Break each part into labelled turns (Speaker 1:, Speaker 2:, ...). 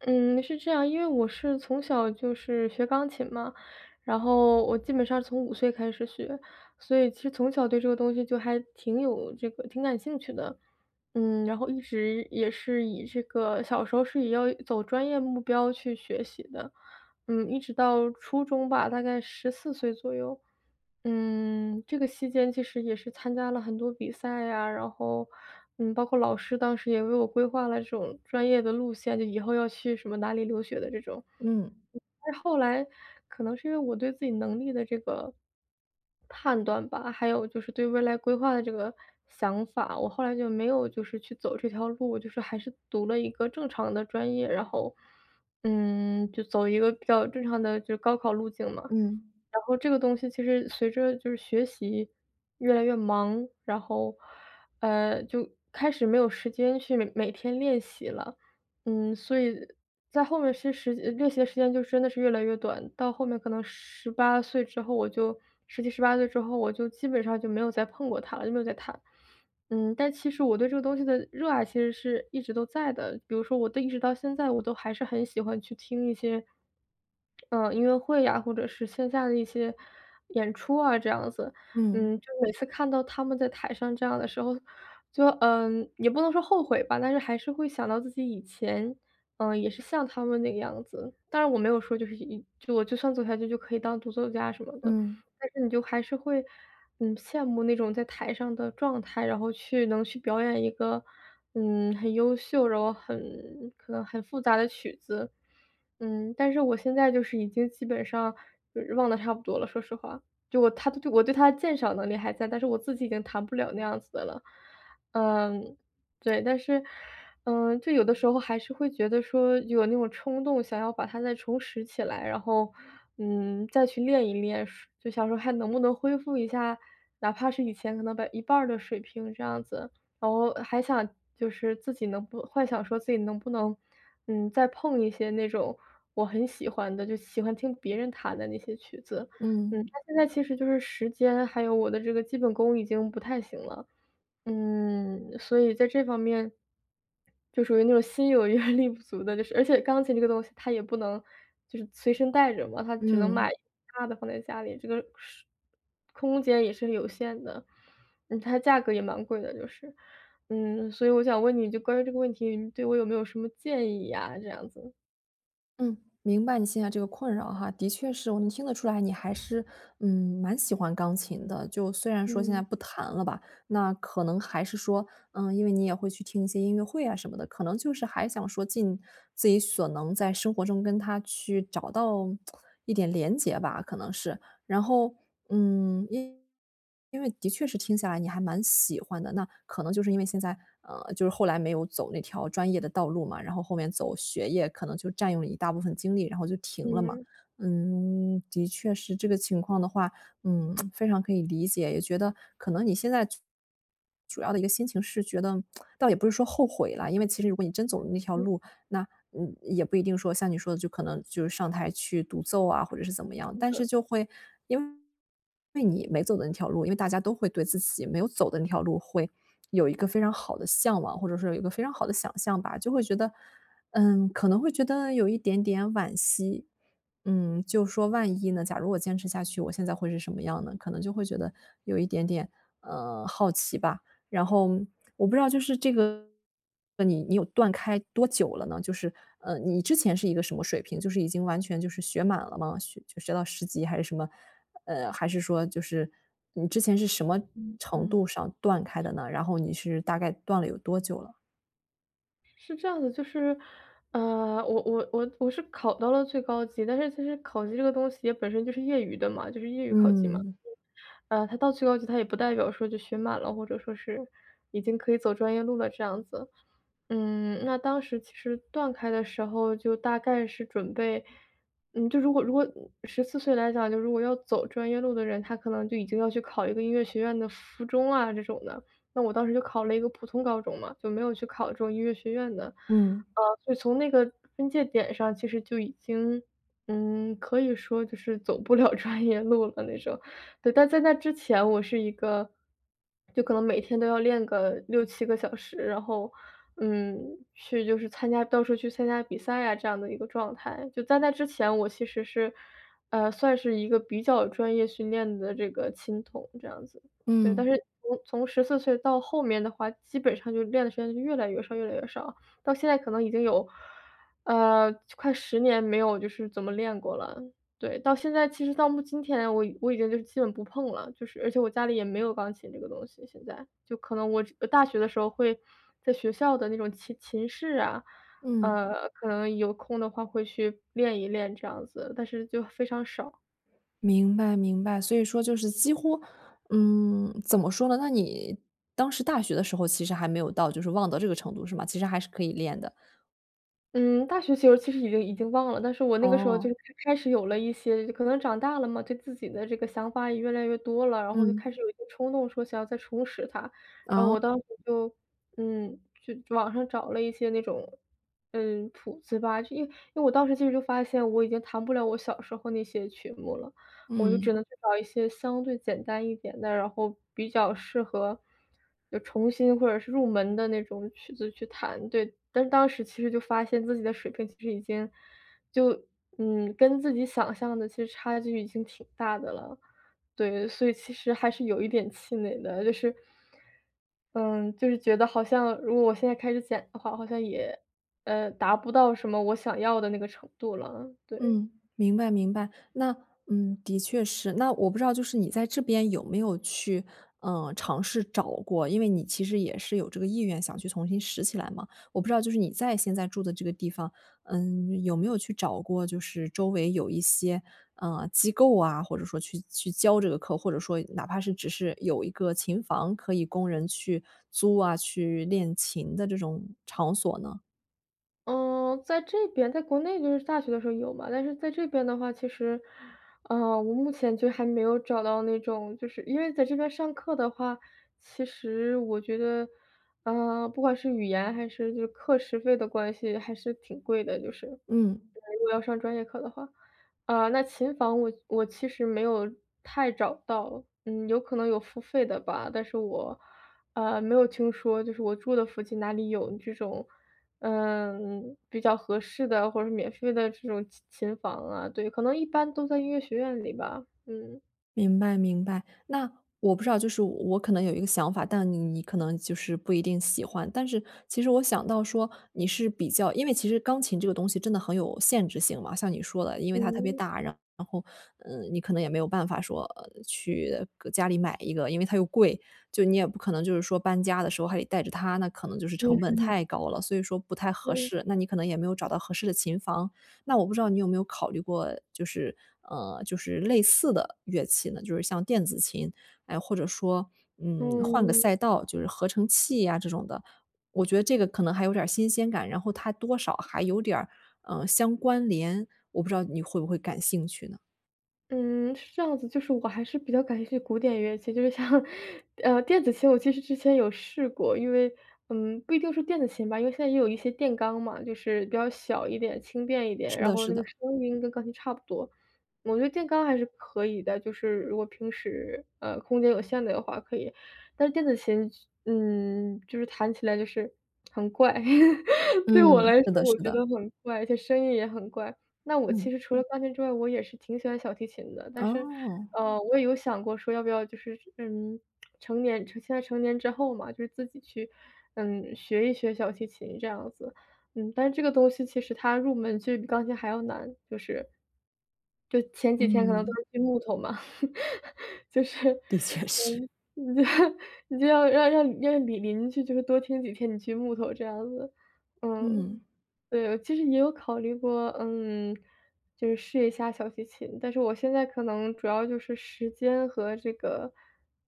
Speaker 1: 嗯，是这样，因为我是从小就是学钢琴嘛，然后我基本上从5岁开始学，所以其实从小对这个东西就还挺有这个挺感兴趣的。嗯，然后一直也是以这个小时候是以要走专业目标去学习的，嗯，一直到初中吧，大概14岁左右。嗯，这个期间其实也是参加了很多比赛呀，然后，嗯，包括老师当时也为我规划了这种专业的路线，就以后要去什么哪里留学的这种。
Speaker 2: 嗯。
Speaker 1: 后来可能是因为我对自己能力的这个判断吧，还有就是对未来规划的这个想法，我后来就没有就是去走这条路，就是还是读了一个正常的专业，然后，嗯，就走一个比较正常的就是高考路径嘛。
Speaker 2: 嗯。
Speaker 1: 然后这个东西其实随着就是学习越来越忙，然后，嗯，就开始没有时间去每天练习了，嗯，所以在后面其实练习的时间就真的是越来越短，到后面可能18岁之后，我就17、18岁之后，我就基本上就没有再碰过它了，就没有再弹。嗯，但其实我对这个东西的热爱其实是一直都在的，比如说我的一直到现在我都还是很喜欢去听一些，嗯，音乐会呀，或者是线下的一些演出啊，这样子。
Speaker 2: 嗯。
Speaker 1: 嗯，就每次看到他们在台上这样的时候，就，嗯，也不能说后悔吧，但是还是会想到自己以前，嗯，也是像他们那个样子。当然，我没有说就是就我就算走下去可以当独奏家什么的。
Speaker 2: 嗯。
Speaker 1: 但是你就还是会，嗯，羡慕那种在台上的状态，然后去能去表演一个，嗯，很优秀，然后很可能很复杂的曲子。嗯，但是我现在就是已经基本上就是忘得差不多了，说实话，就我它我对它鉴赏能力还在，但是我自己已经弹不了那样子的了。嗯，对，但是，嗯，就有的时候还是会觉得说，有那种冲动想要把它再重拾起来，然后，嗯，再去练一练，说就想说，还能不能恢复一下哪怕是以前可能一半儿的水平，这样子。然后还想就是自己能不幻想说自己能不能，嗯，再碰一些那种我很喜欢的，就喜欢听别人弹的那些曲子。嗯，
Speaker 2: 嗯。
Speaker 1: 那现在其实就是时间还有我的基本功已经不太行了，嗯，所以在这方面就属于那种心有余 而力不足的就是，而且钢琴这个东西它也不能就是随身带着嘛，它只能买
Speaker 2: 嗯。
Speaker 1: 大的放在家里，这个时空间也是有限的。嗯，它的价格也蛮贵的就是。嗯，所以我想问你就关于这个问题，你对我有没有什么建议呀，这样子。
Speaker 2: 嗯，明白你现在这个困扰哈。的确是，我能听得出来你还是，嗯，蛮喜欢钢琴的。就虽然说现在
Speaker 1: 嗯。
Speaker 2: 不弹了吧，那可能还是说，嗯，因为你也会去听一些音乐会啊什么的，可能就是还想说，尽自己所能在生活中跟它去找到，一点连接吧可能是。然后，嗯，因因为的确是听下来你还蛮喜欢的。那，可能就是因为现在呃，就是后来没有走那条专业的道路嘛，然后后面走学业，可能就占用了一大部分精力，然后就停了嘛。
Speaker 1: 嗯。
Speaker 2: 嗯，的确是这个情况的话，嗯，非常可以理解。也觉得，可能你现在，主要的一个心情是觉得，倒也不是说后悔了，因为其实如果你真走了那条
Speaker 1: 嗯。
Speaker 2: 路，那，嗯，也不一定说像你说的就可能，就是上台去独奏啊，或者是怎么样。
Speaker 1: 是
Speaker 2: 但
Speaker 1: 的。
Speaker 2: 是就会因为你没走的那条路，因为大家都会对自己没有走的那条路会，有一个非常好的向往，或者说有一个非常好的想象吧。就会觉得嗯，可能会觉得，有一点点惋惜。嗯，就是说万一呢，假如我坚持下去，我现在会是什么样呢？可能就会觉得，有一点点，呃，好奇吧。然后，我不知道就是这个，那你你有断开多久了呢？就是，呃，你之前是一个什么水平，就是已经完全就是学满了吗？学到10级还是什么，呃，还是说就是，你之前是什么
Speaker 1: 嗯
Speaker 2: 程
Speaker 1: 嗯。
Speaker 2: 度上断开的呢？然后你是，大概断了有多久了？
Speaker 1: 是这样的就是，啊，我我我我是考到了最高级，但是其实考级这个东西也本身就是业余的嘛就是业余考级嘛。
Speaker 2: 嗯。
Speaker 1: 呃，它到最高级，它也不代表说就学满了，或者说是已经可以走专业路了这样子。嗯，那当时其实断开的时候就大概是准备嗯，就如果如果14岁来讲，就如果要走专业路的人，他可能就已经要去考一个音乐学院的附中啊这种的，那我当时就考了一个普通高中嘛，就没有去考这种音乐学院的。
Speaker 2: 嗯。
Speaker 1: 啊就从那个分界点上其实就已经，呃，可以说就是走不了专业路了那种，对。但在那之前我是一个就可能每天都要练个6、7个小时，然后，嗯，去就是参加到处去参加比赛啊，这样的一个状态。就在那之前，我其实是，呃，算是一个比较专业训练的，这个琴童这样子。对，但
Speaker 2: 嗯。
Speaker 1: 是从从14岁到后面的话，基本上就练的时间越来越少越来越少，到现在可能已经有，呃，快10年没有就是怎么练过了。对，到现在，其实到今天我我已经基本不碰了，就是而且我家里也没有钢琴这个东西现在，就可能我大学的时候会在学校的那种琴琴室啊，
Speaker 2: 嗯。
Speaker 1: 呃，可能有空的话会去练一练这样子，但是就非常少。
Speaker 2: 明白明白，所以说就是几乎，嗯，怎么说呢，那你当时大学的时候其实还没有到，就是忘到这个程度是吗？其实还是可以练的。
Speaker 1: 嗯，大学就其实已经已经忘了，但是我那个时候就
Speaker 2: 哦。
Speaker 1: 开始有了一些可能长大了嘛，对自己的这个想法也越来越多了，然后就开
Speaker 2: 嗯。
Speaker 1: 始有一些冲动，说想要再重拾它。然后
Speaker 2: 哦。
Speaker 1: 我当时就，嗯，就网上找了一些那种，嗯，谱子吧，就因为因为我当时其实就发现，我已经弹不了我小时候那些曲目了。我就只
Speaker 2: 嗯。
Speaker 1: 能去找一些相对简单一点的，然后比较适合，要重新或者是入门的那种曲子去弹。对，但当时其实就发现自己的水平其实已经，就嗯，跟自己想象的其实差距已经挺大的了。对，所以其实还是有一点气馁的，就是，嗯，就是觉得好像如果我现在开始捡的话，好像也，嗯，达不到什么我想要的那个程度了，对。
Speaker 2: 嗯，明白明白，那嗯，的确是。那我不知道就是你在这边有没有去，呃，尝试找过，因为你其实也是有这个意愿想去重新拾起来嘛。我不知道就是你在现在住的这个地方，嗯，有没有去找过就是周围有一些，嗯，机构啊，或者说去去教这个课，或者说哪怕是只是有一个琴房可以供人去租啊，去练琴的这种场所呢？
Speaker 1: 嗯，在这边在国内就是大学的时候有嘛，但是在这边的话，其实，呃，我目前就还没有找到那种。就是，因为在这边上课的话，其实我觉得，呃，不管是语言还是就课时费的关系，还是挺贵的，就是，对
Speaker 2: 嗯。
Speaker 1: 啊，如果要上专业课的话。啊，那琴房我我其实没有太找到，嗯，有可能有付费的吧，但是我，呃，没有听说，就是我住的附近哪里有这种，嗯，比较合适的，或者是免费的这种琴琴房啊，对，可能一般都在音乐学院里吧，嗯。
Speaker 2: 明白明白，那，我不知道，就是我我可能有一个想法，但你你可能就是不一定喜欢。但是其实我想到说，你是比较因为其实钢琴这个东西真的很有限制性嘛，像你说的，因为它特别
Speaker 1: 嗯。
Speaker 2: 大，然后，呃，你可能也没有办法说，呃，去搁家里买一个，因为它又贵。就你也不可能就是说搬家的时候还得带着它，那可能就是
Speaker 1: 嗯
Speaker 2: 成本
Speaker 1: 哼。
Speaker 2: 太高了，所以说不太合
Speaker 1: 嗯。
Speaker 2: 适，那你可能也没有找到合适的琴房。那我不知道你有没有考虑过，就是呃，就是类似的乐器呢？就是像电子琴，哎，或者说，嗯，换个
Speaker 1: 嗯。
Speaker 2: 赛道，就是合成器啊这种的。我觉得这个可能还有点儿新鲜感，然后它多少还有点儿，呃，相关联，我不知道你会不会感兴趣呢？
Speaker 1: 嗯，是这样子，就是我还是比较感兴趣古典乐器。就是像，呃，电子琴，我其实之前有试过，因为，嗯，不一定是电子琴吧，因为现在也有一些电钢嘛，就是比较小一点，轻便一点，
Speaker 2: 是
Speaker 1: 然
Speaker 2: 的
Speaker 1: 后
Speaker 2: 是
Speaker 1: 那个
Speaker 2: 的。
Speaker 1: 声音跟钢琴差不多。我觉得电钢还是可以的，就是如果平时，呃，空间有限的话可以。但是电子琴，嗯，就是弹起来就是很怪，对我
Speaker 2: 嗯，
Speaker 1: 来
Speaker 2: 是
Speaker 1: 说
Speaker 2: 的
Speaker 1: 我
Speaker 2: 是
Speaker 1: 觉
Speaker 2: 的。
Speaker 1: 得很怪，而且声音也很怪。那我其
Speaker 2: 嗯。
Speaker 1: 实除了钢琴之外，我也是挺喜欢小提琴的，但是，
Speaker 2: 哦。
Speaker 1: 呃，我也有想过说要不要就是，嗯，成年现在成年之后嘛，就自己去，嗯，学一学小提琴这样子，嗯。但是这个东西其实它入门就是比钢琴还要难，就是。就前几天可能都
Speaker 2: 嗯。
Speaker 1: 是锯木头嘛，就是，
Speaker 2: 的确是。
Speaker 1: 嗯，你就要让让让你邻居就是多听几天你锯木头，这样子。嗯，
Speaker 2: 嗯。
Speaker 1: 对，其实也有考虑过，嗯，就是试一下小提琴。但是我现在可能主要就是时间和这个，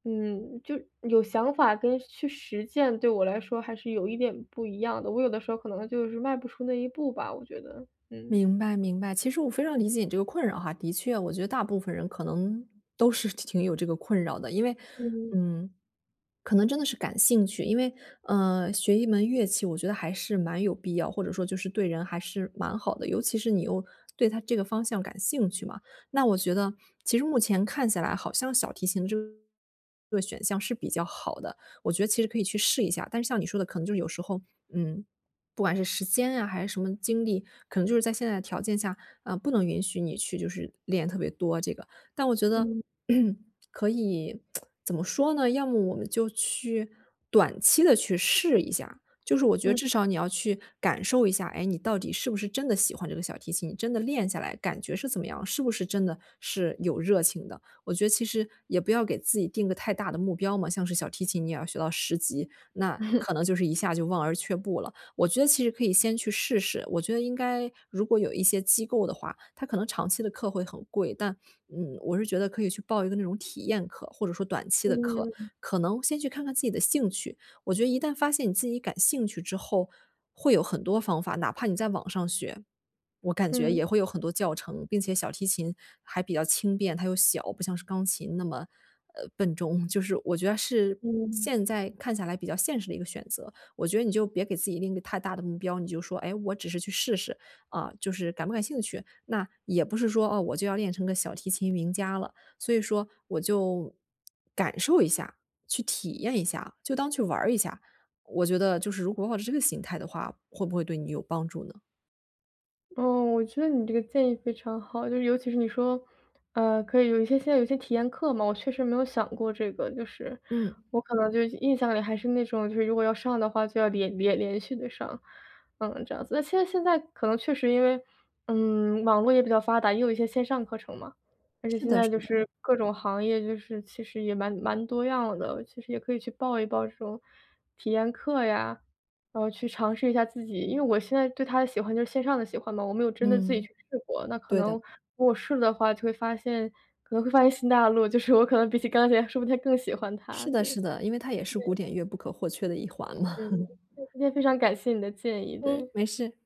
Speaker 1: 嗯，就有想法跟去实践，对我来说还是有一点不一样的，我有的时候可能就是迈不出那一步吧，我觉得，嗯。
Speaker 2: 明白明白。其实我非常理解你这个困扰哈，的确，我觉得大部分人可能都是挺有这个困扰的。因为，
Speaker 1: 嗯。
Speaker 2: 嗯，可能真的是感兴趣，因为，呃，学一门乐器，我觉得还是蛮有必要，或者说就是对人还是蛮好的，尤其是你又对它这个方向感兴趣嘛。那我觉得，其实目前看起来好像小提琴这个选项是比较好的，我觉得其实可以去试一下。但是像你说的可能就有时候，嗯，不管是时间呀还是什么精力，可能就是在现在的条件下，啊，不能允许你去就是练特别多这个。但我觉得
Speaker 1: 嗯。
Speaker 2: 可以 怎么说呢，要么我们就去短期地去试一下，就是我觉得
Speaker 1: 嗯。
Speaker 2: 至少你要去感受一下，诶，你到底是不是真的喜欢这个小提琴，你真的练下来感觉是怎么样？是不是真的，是有热情的。我觉得其实也不要给自己定个太大的目标嘛，像是小提琴，你要学到10级，那 可能就是一下就望而却步了。我觉得其实可以先去试试，我觉得应该如果有一些机构的话，它可能长期的课会很贵，但，嗯，我是觉得可以去报一个那种体验课，或者说短期的课，
Speaker 1: 嗯。
Speaker 2: 可能先去看看自己的兴趣。我觉得一旦发现你自己感兴趣之后会有很多方法，哪怕你在网上学，我感觉
Speaker 1: 嗯。
Speaker 2: 也会有很多教程。并且小提琴还比较轻便，它又小，不像是钢琴那么，呃，笨重。就是我觉得是
Speaker 1: 嗯。
Speaker 2: 现在看下来比较现实的一个选择，我觉得你就别给自己定一个太大的目标，你就说诶我只是去试试，啊，就是感不感兴趣。那也不是说，哦，我就要练成个小提琴名家了，所以说我就感受一下，去体验一下，就当去玩儿一下。我觉得就是如果抱着这个心态的话，会不会对你有帮助呢？
Speaker 1: 哦，我觉得你这个建议非常好。就尤其是你说，呃，可以有一些现在有些体验课嘛，我确实没有想过这个就是。
Speaker 2: 嗯。
Speaker 1: 我可能就是印象里还是那种，就是如果要上的话就要连连连续地上，嗯，这样子。但现在现在可能确实因为，嗯，网络也比较发达，也有一些线上课程嘛。而且
Speaker 2: 是
Speaker 1: 现
Speaker 2: 的
Speaker 1: 在
Speaker 2: 是
Speaker 1: 就
Speaker 2: 的。
Speaker 1: 是各种行业，就是其实也蛮蛮多样的，其实也可以去报一报这种体验课呀，呃，去尝试一下自己因为我现在对它的喜欢就是线上的喜欢嘛，我没有真的自己
Speaker 2: 嗯，
Speaker 1: 去试过，那可
Speaker 2: 对
Speaker 1: 能，
Speaker 2: 的。
Speaker 1: 如果我试了的话，就会发现可能会发现新大陆，就是我可能比起钢琴说不定还更喜欢它，
Speaker 2: 是的
Speaker 1: 对，
Speaker 2: 是
Speaker 1: 对。
Speaker 2: 的，因为它也是古典乐不可或缺的一环嘛。
Speaker 1: 嗯，就今天非常感谢你的建议，
Speaker 2: 嗯，
Speaker 1: 对。
Speaker 2: 没事。